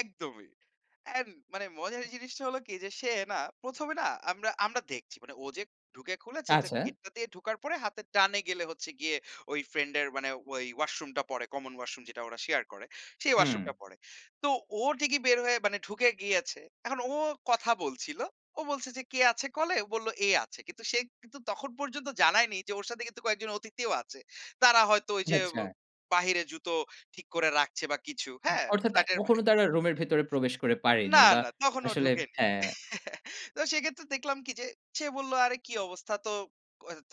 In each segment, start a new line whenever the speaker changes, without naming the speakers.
একদমই। অ্যান্ড মানে মজার জিনিসটা হলো কি যে, সে না ১ম এ না আমরা আমরা দেখছি। মানে ও যে ঢুকে খুলেছে যে
আচ্ছা।
গেটটা দিয়ে ঢোকার পরে, হাতের ডানে গেলে হচ্ছে গিয়ে ওই ফ্রেন্ড এর মানে ওই ওয়াশরুমটা পড়ে, কমন ওয়াশরুম যেটা ওরা শেয়ার করে। সেই
হুম।
ওয়াশরুমটা পড়ে। তো ও ঠিকই বের হয়ে মানে ঢুকে গিয়েছে। এখন ও কথা বলছিল। ও বলছে যে, "কে আছে কলে?" ও বলল, "এ আছে।" কিন্তু সে কিন্তু তখন পর্যন্ত জানায়নি যে ওর সাথে কিন্তু কয়েকজন অতিথিও আছে। তারা হয়তো ওই যে ব
আচ্ছা।
বাহিরে জুতো ঠিক করে রাখছে বা কিছু, হ্যা?
অর্থাৎ, এ
ফ্ল্যাটের বাইরে।
তখনো তারা রুমের ভেতরে প্রবেশ করে পারেনি
না,
বা
না তখনও
আসলে
ঢোকেনি।
হ্যাঁ।
তো সেক্ষেত্রে দেখলাম কি যে, সে বলল, "আরে কি অবস্থা?" তো [unintelligible]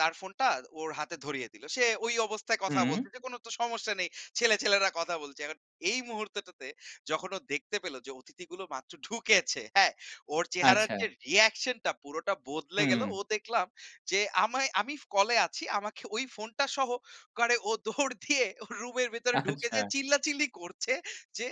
তার ফোনটা ওর হাতে ধরিয়ে দিল। সে ঐ অবস্থায় কথা
হুম।
বলছে যে কোনো তো সমস্যা নেই। ছেলে ছেলেরা কথা বলছে। এখন এই মুহূর্তটাতে যখন ও দেখতে পেল যে, অতিথিগুলো মাত্র ঢুকেছে, হ্যা? ওর চেহারার যে
আচ্ছা।
reaction টা পুরোটা বদলে গেলো।
হুম।
ও দেখলাম যে, আমায় আমি ফ কলে আছি আমাকে ওই ফোনটা সহ করে ও দৌড় দিয়ে ও রুমের ভেতরে ঢুকে যেয়ে
আচ্ছা।
চিল্লাচিল্লি করছে যে,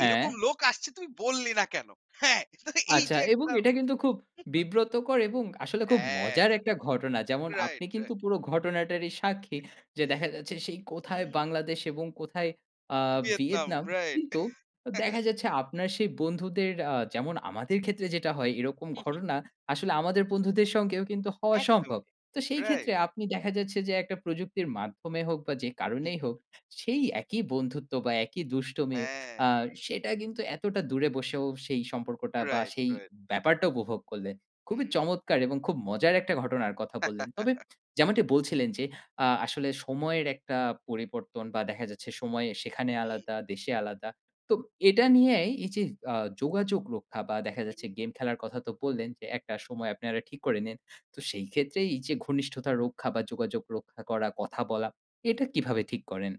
এইরকম
হ্যাঁ।
লোক আসছে তুই বললি না কেনো? হ্যাঁ? তো এই
আচ্ছা
যে
এবং
একটা
এটা কিন্তু খুব বিব্রতকর এবং আসলে খুব
হ্যা,
মজার একটা ঘটনা। যেমন
রাইট,
আপনি কিন্তু
রাইট।
পুরো ঘটনাটারই সাক্ষী। যে দেখা যাচ্ছে সেই কোথায়
হুম, হুম।
বাংলাদেশ এবং কোথায় আ
ভিয়েতনাম,
ভিয়েতনাম।
রাইট।
কিন্তু অ দেখা যাচ্ছে আপনার সেই বন্ধুদের, আ যেমন আমাদের ক্ষেত্রে যেটা হয় এরকম
হু, হু।
ঘটনা, আসলে আমাদের বন্ধুদের সঙ্গেও কিন্তু হওয়া সম্ভব।
একদমই।
তো সেই
রাইট।
ক্ষেত্রে আপনি দেখা যাচ্ছে যে, একটা প্রযুক্তির মাধ্যমে হোক বা যে
হু,
কারণেই হোক
হু।
সেই একই বন্ধুত্ব বা একই দুষ্টমি
হ্যাঁ।
আ সেটা কিন্তু এতটা দূরে বসেও, সেই সম্পর্কটা বা
রাইট,
সেই
রাইট।
ব্যাপারটা উপভোগ করলেন। খুবই
হুম, হুম।
চমৎকার এবং খুব মজার একটা ঘটনার কথা বললেন। তবে যেমনটি বলছিলেন যে, আ আসলে সময়ের একটা পরিবর্তন বা দেখা যাচ্ছে, সময়ে সেখানে
হুম।
আলাদা, দেশে আলাদা। তো এটা নিয়াই এই যে, আ যোগাযোগ রক্ষা বা দেখা
হু,
যাচ্ছে
হু।
গেম খেলার কথা তো বললেন যে, একটা সময় আপনারা ঠিক করে নিন। তো সেই ক্ষেত্রে এই যে ঘনিষ্ঠতা রক্ষা বা যোগাযোগ রক্ষা করা, কথা বলা, এটা কিভাবে ঠিক করেন?